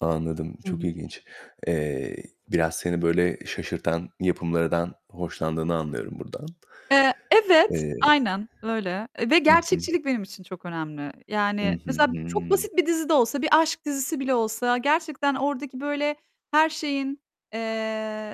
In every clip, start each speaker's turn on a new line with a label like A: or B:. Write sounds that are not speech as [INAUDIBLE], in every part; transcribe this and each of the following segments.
A: Anladım,
B: Hı
A: çok
B: hı.
A: ilginç. Eee, biraz seni böyle şaşırtan yapımlardan hoşlandığını anlıyorum buradan.
B: Eee, evet,
A: Eee
B: aynen, öyle, e, ve
A: Hı hı.
B: gerçekçilik benim için çok önemli.
A: Hı
B: Yani
A: hı,
B: mesela çok
A: hımm.
B: basit bir dizi de olsa, bir aşk dizisi bile olsa gerçekten oradaki böyle her şeyin,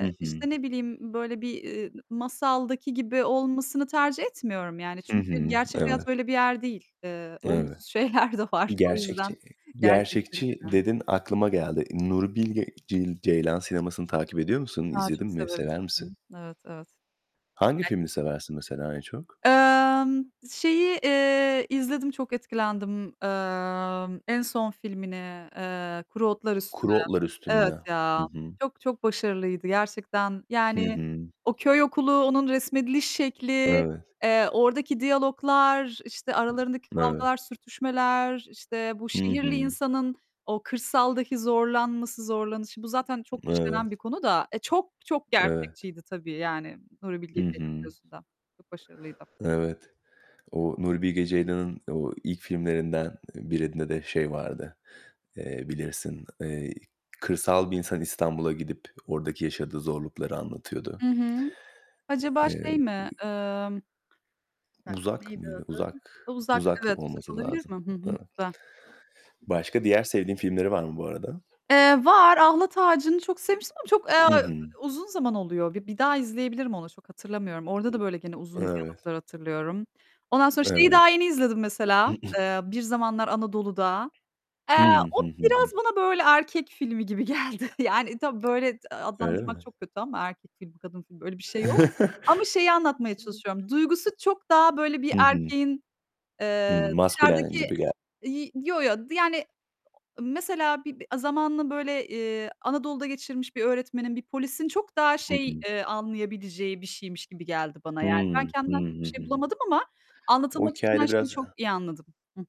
A: Hı hı.
B: işte, ne bileyim böyle bir, ııı, masaldaki gibi olmasını tercih etmiyorum yani.
A: Hı
B: Çünkü
A: hı,
B: gerçek hayat
A: evet.
B: öyle bir yer değil. Iıı,
A: Evet.
B: olumsuz şeyler de var. O yüzden
A: Gerçekçi
B: gerçekçilik
A: gerçekçi
B: önemli.
A: dedin, aklıma geldi. Nuri Bilge Cey Ceylan sinemasını takip ediyor musun?
B: A,
A: İzledin
B: çok
A: mi?
B: severim.
A: Sever
B: Hı
A: misin?
B: hı, evet, evet.
A: Hangi
B: [UNINTELLIGIBLE]
A: filmi seversin mesela en çok?
B: Emm, şeyi, eee, izledim, çok etkilendim. Emm, en son filmini, ııı, "Kuru Otlar Üstüne."
A: "Kuru Otlar
B: Evet
A: Üstünde." Hı
B: ya,
A: hı.
B: çok çok başarılıydı gerçekten,
A: Hı
B: yani,
A: hı.
B: o köy okulu, onun resmediliş şekli,
A: Evet.
B: eee, oradaki diyaloglar, işte, aralarındaki
A: Evet.
B: kavgalar, sürtüşmeler, işte, bu
A: Hı
B: şehirli
A: hı.
B: insanın o kırsaldaki zorlanması, zorlanışı bu zaten çok
A: Evet.
B: işlenen bir konu da, e, çok çok
A: Evet.
B: gerçekçiydi tabii, yani, Nuri Bilge
A: Hı
B: Ceylan'ın
A: hı.
B: gözünden. Çok başarılıydı.
A: Evet. O Nuri Bilge Ceylan'ın o ilk filmlerinden, eee, birinde de şey vardı, eee, bilirsin, eee, kırsal bir insan İstanbul'a gidip oradaki yaşadığı zorlukları anlatıyordu.
B: Hı hı,
A: H
B: acaba şey
A: eee, b
B: mi, Imm, bir dakika,
A: "Uzak"
B: neydi
A: mıydı?
B: adı?
A: "Uzak",
B: Iıı, "Uzak",
A: "Uzak"
B: evet, "Uzak"
A: olması
B: olabilir
A: lazım.
B: mi? Hı hı.
A: Evet.
B: Güzel.
A: Başka diğer sevdiğin filmleri var mı bu arada?
B: Eee, var, "Ahlat Ağacı"nı çok sevmiştim ama çok, aaa,
A: Hı hı.
B: uzun zaman oluyor. Bi bir daha izleyebilirim onu, çok hatırlamıyorum. Orada da böyle gene uzun
A: Evet.
B: diyaloglar hatırlıyorum. Ondan sonra şeyi
A: Evet.
B: daha yeni izledim, mesela,
A: [CLEARS THROAT]
B: eee, "Bir Zamanlar Anadolu'da." Eee,
A: Hıı.
B: o
A: Hı, hı
B: biraz
A: hı.
B: bana böyle erkek filmi gibi geldi. Yani, tabii böyle, d
A: Öyle
B: adlandırmak
A: mi?
B: çok kötü ama erkek filmi, kadın filmi, öyle bir şey yok ama şeyi anlatmaya çalışıyorum. Duygusu çok daha
A: [LAUGHS]
B: böyle bir
A: Hı hı.
B: erkeğin,
A: Hıı,
B: eee,
A: maskülen
B: dışarıdaki
A: gibi gel
B: iii, yo yo, d yani, mesela bir b zamanını böyle, eee, Anadolu'da geçirmiş bir öğretmenin, bir polisin çok daha
A: Hı
B: şey,
A: hı.
B: eee, anlayabileceği bir şeymiş gibi geldi bana. Yani, ben
A: Hıı. Hı, hı,
B: kendimden çok
A: hı
B: bir şey
A: hı.
B: bulamadım ama
A: O
B: anlatılmak istenen
A: hikâyede
B: şeyi
A: biraz Hı
B: çok
A: hı.
B: iyi anladım. Hı hı.